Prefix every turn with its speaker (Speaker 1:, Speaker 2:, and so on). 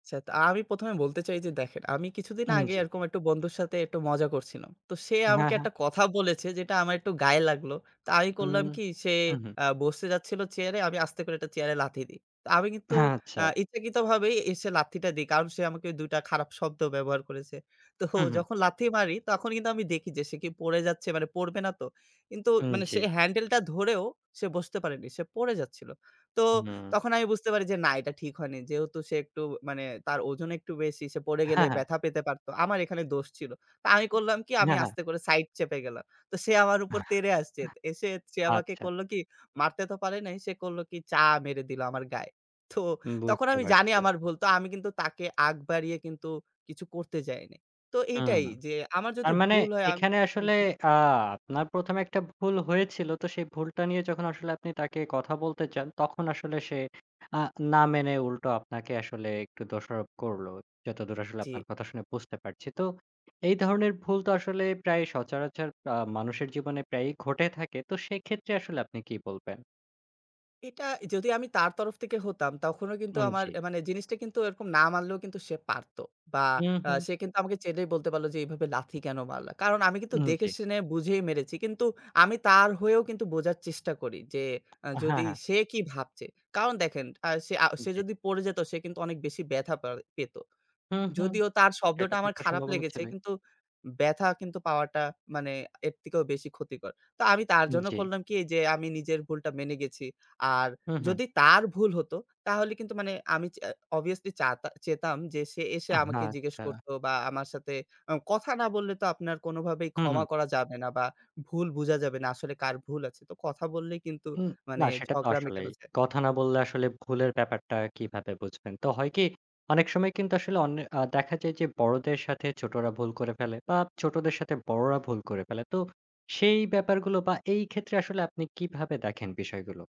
Speaker 1: সেত আমি ১ম এ বলতে চাই যে দেখেন, আমি কিছুদিন
Speaker 2: আন
Speaker 1: আগে
Speaker 2: জি।
Speaker 1: এরকম বন্ধুর সাথে একটু মজা করছিলাম। তো সে
Speaker 2: হ্যাঁ,
Speaker 1: আমাকে
Speaker 2: হ্যাঁ।
Speaker 1: একটা কথা বলেছে যেটা আমার একটু গায়ে লাগলো। তা আমি
Speaker 2: উম
Speaker 1: করলাম কি সে
Speaker 2: হুম, হুম।
Speaker 1: আ বসতে যাচ্ছিলো চেয়ারে আমি আস্তে করে একটা চেয়ারে লাথি দিই। তা আমি কিন্তু
Speaker 2: হ্যাঁ, আচ্ছা।
Speaker 1: আ ইচ্ছাকৃতভাবে এসে লাথিটা দেই। কারণ সে আমাকে ২ টা খারাপ শব্দ ব্যবহার করেছে। তো
Speaker 2: হুম, হুম।
Speaker 1: যখন লাথি মারি তখন কিন্তু আমি দেখি যে সে কি পড়ে যাচ্ছে পড়বে না তো? কিন্তু
Speaker 2: উ
Speaker 1: মানে সে
Speaker 2: জি।
Speaker 1: হ্যান্ডেলটা ধরেও সে বসতে পারেনি পড়ে যাচ্ছিল। তো
Speaker 2: হু।
Speaker 1: তখন আমি বুঝতে পারি যে না এটা ঠিক হয়নি। যেহেতু সে একটু মানে তার ওজন একটু বেশি, সে পড়ে গেলে
Speaker 2: হ্যাঁ, হ্যাঁ।
Speaker 1: ব্যথা পেতে পারত আমার এখানে দোষ ছিল। তা আমি করলাম কি আমি
Speaker 2: হ্যাঁ, হ্যাঁ।
Speaker 1: আস্তে করে সাইড চেপে গেলাম। তো সে আমার উপর তেড়ে আসছে। এসে সে আমাকে
Speaker 2: আচ্ছা।
Speaker 1: করল কি মারতে তো পারে নাই সে করল কি চা মেরে দিলো আমার গায়ে। তো
Speaker 2: হুম,
Speaker 1: তখন
Speaker 2: বুঝতে
Speaker 1: আমি জানি
Speaker 2: পারছি।
Speaker 1: আমার ভুল। তো আমি কিন্তু তাকে আগ বাড়িয়ে কিন্তু কিছু করতে যাইনি। তো
Speaker 2: হুম,
Speaker 1: এইটাই যে আমার যদি
Speaker 2: তার মানে
Speaker 1: ভুল হয় আম
Speaker 2: এখানে
Speaker 1: হুম,
Speaker 2: আসলে
Speaker 1: হুম।
Speaker 2: আ আপনার ১ম এ একটা ভুল হয়েছিল। তো সেই ভুলটা নিয়ে যখন আসলে আপনি তাকে কথা বলতে চান, তখন আসলে সে আ না মেনে উল্টো আপনাকে আসলে একটু দোষারোপ করল। যতদূর আসলে
Speaker 1: জি।
Speaker 2: আপনার কথা শুনে বুঝতে পারছি। তো এই ধরনের ভুল তো আসলে প্রায়ই সচরাচর আ মানুষের জীবনে প্রায়ই ঘটে থাকে। তো সেক্ষেত্রে আসলে আপনি কি বলবেন?
Speaker 1: এটা যদি আমি তার তরফ থেকে হতাম, তখনও কিন্তু
Speaker 2: হুম,
Speaker 1: আমার
Speaker 2: জি।
Speaker 1: আ মানে জিনিসটা কিন্তু এরকম না মারলেও কিন্তু সে পারত। বা
Speaker 2: উ
Speaker 1: আ
Speaker 2: হুম।
Speaker 1: সে কিন্তু আমাকে চাইলেই বলতে পারলো যে এভাবে লাথি কেনো মারলা? কারণ আমি কিন্তু
Speaker 2: উ
Speaker 1: দেখে
Speaker 2: জি।
Speaker 1: শুনে বুঝেই মেরেছি। কিন্তু আমি তার হয়েও কিন্তু বোঝার চেষ্টা করি যে আ
Speaker 2: হ্যাঁ,
Speaker 1: যদি
Speaker 2: হ্যাঁ।
Speaker 1: সে কি ভাবছে? কারণ দেখেন আ সে আ সে
Speaker 2: জি।
Speaker 1: যদি পড়ে যেত সে কিন্তু অনেক বেশি ব্যথা পার পেত।
Speaker 2: হুম, হুম,
Speaker 1: যদিও তার
Speaker 2: সে
Speaker 1: শব্দটা
Speaker 2: তো
Speaker 1: আমার
Speaker 2: একটা
Speaker 1: খারাপ
Speaker 2: সম্ভাবনা
Speaker 1: লেগেছে
Speaker 2: ছিলই।
Speaker 1: কিন্তু ব্যাথা কিন্তু পাওয়াটা মানে এর থেকেও বেশি ক্ষতিকর। তো আমি তার জন্য
Speaker 2: জি।
Speaker 1: করলাম কি এইযে আমি নিজের ভুলটা মেনে গেছি। আর
Speaker 2: হুম, হুম।
Speaker 1: যদি তার ভুল হত তাহলে কিন্তু মানে আমি চা অবভিয়াসলি চাতা চাইতাম যে সে এসে
Speaker 2: আহা
Speaker 1: আমাকে জিজ্ঞেস
Speaker 2: আচ্ছা।
Speaker 1: করত বা আমার সাথে আ কথা না বললে তো আপনার কোনভাবেই
Speaker 2: হুম, হুম।
Speaker 1: ক্ষমা করা যাবে না বা ভুল বুঝা যাবে না। আসলে কার ভুল আছে তো কথা বললেই কিন্তু
Speaker 2: হুম, না
Speaker 1: মানে
Speaker 2: সেটা তো
Speaker 1: ঝগড়া
Speaker 2: আসলেই।
Speaker 1: মেটানো যায়।
Speaker 2: কথা না বললে আসলে ভুলের ব্যাপারটা কিভাবে বুঝবেন? তো হয়কি অনেক সময় কিন্তু আসলে অন্যে আ দেখা যায় যে বড়দের সাথে ছোটরা ভুল করে ফেলে বা ছোটদের সাথে বড়রা ভুল করে ফেলে। তো সেই ব্যাপারগুলো বা এই ক্ষেত্রে আসলে আপনি কিভাবে দেখেন বিষয়গুলো?